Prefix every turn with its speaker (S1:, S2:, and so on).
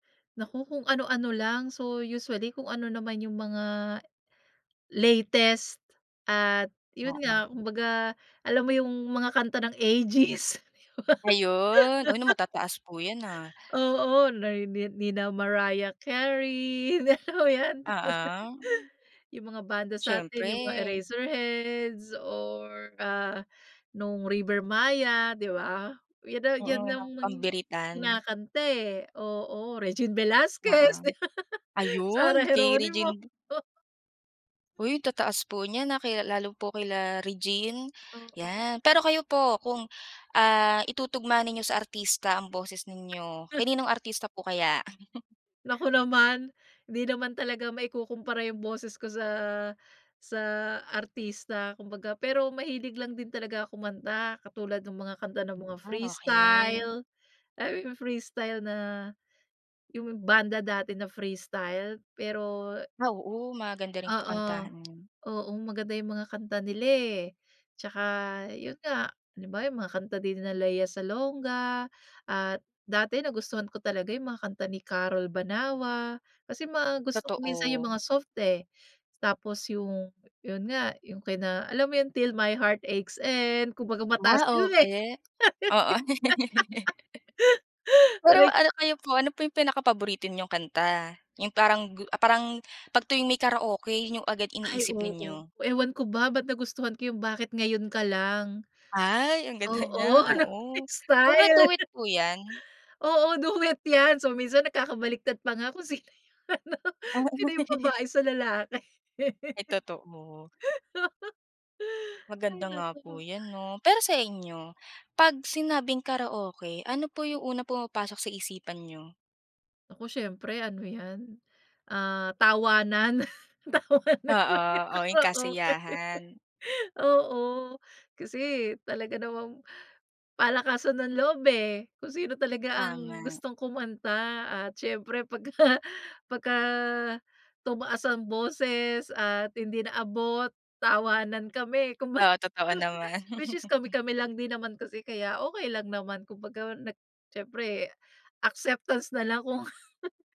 S1: Naku, kung ano-ano lang. So, usually kung ano naman yung mga latest at yun
S2: Oo.
S1: nga, kumbaga alam mo yung mga kanta ng Aegis?
S2: Ayun. Uy, na matataas po 'yan, ah.
S1: Oo, nay ni nina Mariah Carey. Alam mo 'yan.
S2: Oo.
S1: Yung mga banda sa'tin, yung mga
S2: Siyempre.
S1: Eraserheads or, ah, nung River Maya, 'di ba? 'Yan, ah,
S2: Oo,
S1: 'yan
S2: yung
S1: nga ang
S2: pambiritan.
S1: kinakanta, eh, oo. Regine
S2: Oo.
S1: Velasquez. Sarah
S2: Ayun, kay
S1: Geronimo.
S2: Regine V Uy, ang tataas po niyan, ah, kaya lalo po kila Regine,
S1: Oo.
S2: 'yan. Pero kayo po, kung, ah, itutugma ninyo sa artista ang boses ninyo, kaninong artista po kaya?
S1: Naku naman. Hindi naman talaga maikukumpara yung boses ko sa sa artista kumbaga. Pero mahilig lang din talaga ako kumanta, katulad nung mga kanta ng mga
S2: Ah,
S1: Freestyle.
S2: okey.
S1: Ay, yu yung Freestyle na, yung banda dati na Freestyle pero
S2: Ah, oo. Maganda rin po
S1: Oo.
S2: kantahin yun.
S1: Oo, maganda yung mga kanta nila, eh. 'Tsaka yun nga, halimbawa yung mga kanta din nila Lea Salonga at dati nagustuhan ko talaga yung mga kanta ni Carol Banawa. Kasi mga gusto ko minsan yung mga
S2: Totoo.
S1: soft, eh. Tapos yung, yun nga, yung kina alam mo yun, Till my Heart Aches End, kumbaga mataas yun, eh.
S2: Karaoke. Oo. Pero ano, kayo po, ano po yung pinaka-paborito ninyong kanta? Yung parang gu ah, parang 'pag tuwing may karaoke, yun yung agad
S1: Ay,
S2: iniisip
S1: oo.
S2: ninyo?
S1: Ewan ko ba, ba't nagustuhan ko yung Bakit Ngayon Ka Lang.
S2: Ay, ang ganda niya,
S1: Oo, anong
S2: oo. Ano ba
S1: style?
S2: duet po 'yan?
S1: Oo, duet 'yan. So, minsan nagkakabaliktad pa nga, kung sino yung ano,
S2: Ah,
S1: sino
S2: o
S1: yung babae sa lalaki.
S2: Ay totoo.
S1: Hay
S2: Maganda nga
S1: naku.
S2: po 'yan 'no. Pero sa inyo, 'pag sinabing karaoke, ano po yung unang pumapasok sa isipan niyo?
S1: Naku, siyempre ano 'yan, ah, tawanan, tawanan.
S2: Oo. O, yung
S1: Oo, okey.
S2: kasiyahan.
S1: Oo, kasi, eh, talaga namang palakasan ng loob, eh. Kung sino talaga ang
S2: Tama.
S1: gustong kumanta at siyempre pagka pagka tumaas ang boses at hindi naabot, tawanan kami kumbaga
S2: Oo, totoo naman.
S1: which is kami-kami lang din naman kasi, kaya okey lang naman. Kumbaga nag siyempre, acceptance na lang kung